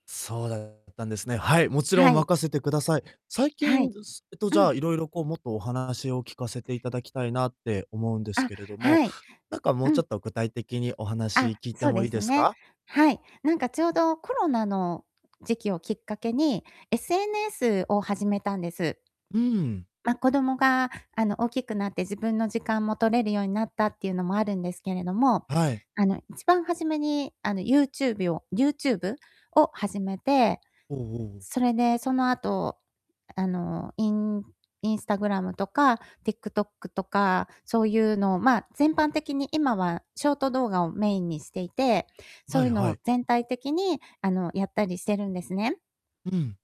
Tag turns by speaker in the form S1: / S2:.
S1: そうだったんですね。はい、もちろん
S2: はい。
S1: 任せてください。最
S2: は
S1: 近、
S2: い。
S1: すえっと、じ
S2: う
S1: ゃ
S2: ん。
S1: あ、いろいろこうもっとお話を聞かせていただきたいなって思うんです
S2: あ、
S1: けれども、
S2: はい。
S1: なんかも
S2: う
S1: うちょ
S2: ん。
S1: っと具体的にお話
S2: あ、
S1: 聞いて
S2: そう
S1: も
S2: で
S1: いい
S2: す
S1: です
S2: ね。
S1: か？
S2: はい。なんかちょうどコロナの時期をきっかけに、SNS を始めたんです。
S1: うん。
S2: ま、子供があの大きくなって自分の時間も取れるようになったっていうのもあるんですけれども、
S1: はい。
S2: あの一番初めにあのユーチュービョウ YouTube を始めて、
S1: おおおお。
S2: それでその後、あのイン Instagram とか TikTok とか、そういうのを、ま、全般的に今はショート動画をメインにしていて、そ
S1: は
S2: うい
S1: い
S2: うの
S1: は
S2: を
S1: い。
S2: 全体的にあのやったりしてるんですね。
S1: ふん。